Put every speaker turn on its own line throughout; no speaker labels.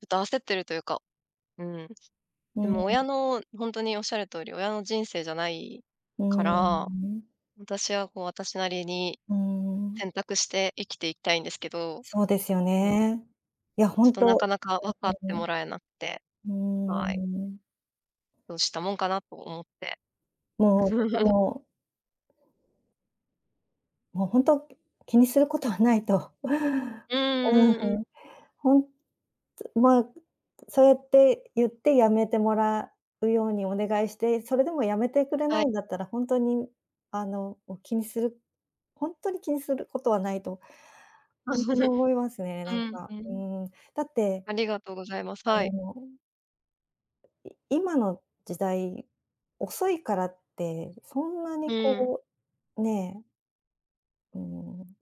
ちょっと焦ってるというか。うん。
う
で
ー
も
ん。
親のほんとにおっしゃる通り、親の人生じゃない
うー
か
ん、
ら、
うん。
私はこう私なりに、
うーん。
選択して生きていきたいんですけど。
そうですよ
うん。
ね。いやほ
ちょっ
ん
と、なか
と、
なか分か
う
って
ん、
もらえなくて。
うん、うん。うー
はい。
ん、うん。
どうしたもんかなと思って。
もうとて ももうほんと、気にすることはないと
うん
うん、
うん
ふ
うん。
ん、ほんとまあ、そうやって言って、やめてもらうようにお願いして、それでもやめてくれ
は
な
い。
いんだったら、ほんとにあの、お気にするほんとに気にすることはないと、ほんとに 思いますね。
う
なん
ん、
か、
う
う
ん。
ーん、だって、
ありがとうございます。
あ
はい。
のい今の時代、遅いからって、そんな
う
に
ん。
こうねえ。うーん、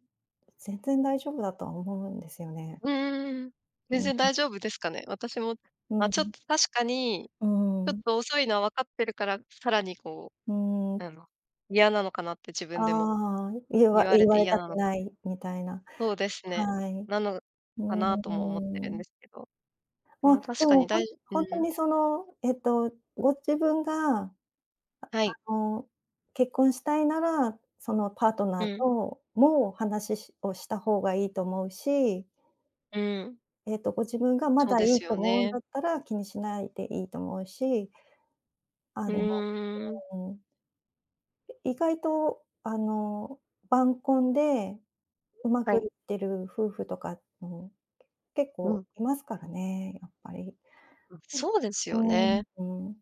全然大丈夫だとは思うんですよね。
うーん。
う
全
ん、
然
うん。
大丈夫ですかね。私も、
う
ま
ん、
あ、
う
ちょっ
ん。
と確かに、
う
ちょ
ー
っ
ん。
と遅いのは分かってるから、さらにこ
うー
う、
ん。
あの、嫌なのかなって自分でも。
ああ。言わ
言われ
言わ
て
れ
嫌
た
な
く
のか
ない、みたいな、
そうですね。
はい、う
なの
ー
か
ん、
な、
う
とも思って
ー
んで
ん。
すけど。で
まあ、
も、
で
確かに
もほん
大事う
ほんと
ん。
にその、えっと、ご自分が、あ
はい。
あの、結婚したいなら、そのパートナ
う
ーと
ん。
もも、話ししをした方がいいと思うし
うん。
ええと、ご自分が、ま
そう
だ
で
いい
す
と
よ
思うん
ね。
だったら、気にしないでいいと思うし
う
あの、
ーん。
うーん、うん。い意外とあの、晩婚で、うま
は
く
い。
いってる夫婦とかっん、結
う
構
ん。
いますからね、やっぱり。
ん、
う、
そうですよ
うーん、
ね。
うん。